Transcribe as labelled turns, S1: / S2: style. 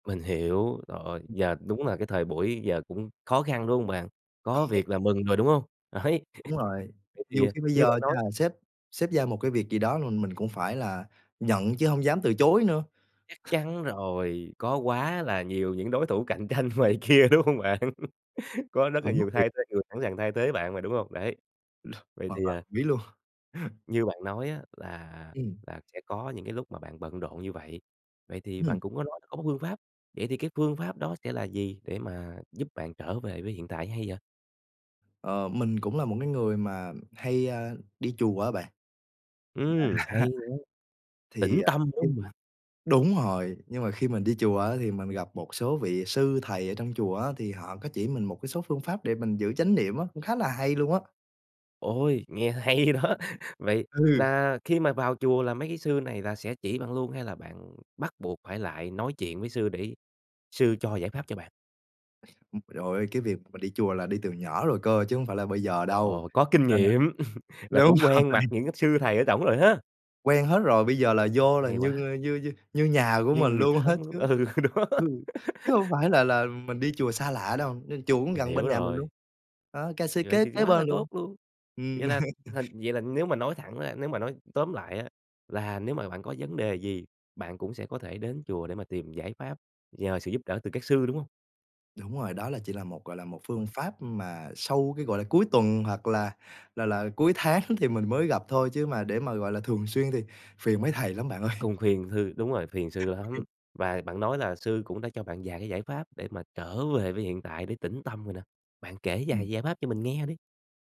S1: Mình hiểu. Trời ơi,
S2: Ừm.
S1: giờ đúng là cái thời buổi giờ cũng khó khăn, đúng hông bạn? Có
S2: Khó.
S1: việc là mừng rồi, đúng hông? Đấy.
S2: Đúng rồi,
S1: Vậy thì,
S2: nhiều
S1: à,
S2: khi bây
S1: như
S2: giờ
S1: bạn nói
S2: nha, sếp sếp giao một cái việc gì đó là mình cũng phải là nhận chứ hông dám từ chối nữa.
S1: Chắc chắn rồi, có quá là nhiều những đối thủ cạnh tranh ngoài kia, đúng hông bạn? Có rất
S2: Sợ
S1: là
S2: mất
S1: nhiều
S2: việc.
S1: thay thế người sẵn sàng thay thế bạn mà, đúng hông? Đấy. Vậy
S2: Hoàn
S1: thì,
S2: toàn
S1: à
S2: đồng ý luôn.
S1: Như bạn nói á, là
S2: Ừm.
S1: là sẽ có những cái lúc mà bạn bận rộn như vậy, vậy thì bạn
S2: Ừm.
S1: cũng có nói có một phương pháp, vậy thì cái phương pháp đó sẽ là gì để mà giúp bạn trở về với hiện tại hay vậy?
S2: Ờ, mình cũng là một cái người mà, ừm hay, a, đi chùa á bạn.
S1: Ừm,
S2: À.
S1: hay nha.
S2: Thì,
S1: Tĩnh
S2: à
S1: tâm, đúng
S2: [unintelligible]
S1: hông bạn?
S2: đúng rồi. Nhưng mà khi mình đi chùa á, thì mình gặp một số vị sư thầy ở trong chùa á, thì họ có chỉ mình một cái số phương pháp để mình giữ chánh niệm á, cũng khá là hay luôn á.
S1: Ôi, nghe hay đó! Vậy
S2: Ừ.
S1: là khi mà vào chùa là mấy cái sư này là sẽ chỉ bạn luôn, hay là bạn bắt buộc phải lại nói chuyện với sư để sư cho giải pháp cho bạn?
S2: Ừm, rồi, cái việc mà đi chùa là đi từ nhỏ rồi cơ, chứ hông phải là bây giờ đâu,
S1: Ồ! Có kinh
S2: nên là
S1: nghiệm, là
S2: đúng
S1: cũng
S2: rồi.
S1: quen mặt những cái sư thầy ở trỏng rồi ha?
S2: Quen hết rồi, bây giờ là vô là
S1: Hay
S2: như,
S1: quá!
S2: a, như như như nhà của
S1: Như
S2: mình
S1: người
S2: luôn á
S1: thân,
S2: chứ,
S1: ừ, đó.
S2: ừ, chứ hông phải là là mình đi chùa xa lạ đâu. Nên chùa cũng
S1: Mình
S2: gần bên
S1: hiểu
S2: nhà mình luôn,
S1: rồi.
S2: đó, ca xê
S1: Vậy
S2: kế
S1: thì
S2: kế
S1: quá là
S2: bên
S1: tốt
S2: luôn.
S1: luôn.
S2: Ừm.
S1: Vậy là thành vậy là nếu mà nói thẳng ra, nếu mà nói tóm lại á, là nếu mà bạn có vấn đề gì, bạn cũng sẽ có thể đến chùa để mà tìm giải pháp, nhờ sự giúp đỡ từ các sư, đúng hông?
S2: Đúng rồi, đó là chỉ là một, gọi là, một phương pháp, ưm, mà sâu cái, gọi là, cuối tuần hoặc là là là cuối tháng thì mình mới gặp thôi, chứ mà để mà, gọi là, thường xuyên thì phiền mấy thầy lắm bạn ơi.
S1: Cùng phiền thư đúng rồi, phiền sư lắm. Và bạn nói là sư cũng đã cho bạn vài cái giải pháp để mà trở về với hiện tại để tĩnh tâm rồi nè, bạn kể
S2: Ừm.
S1: vài giải pháp cho mình nghe đi.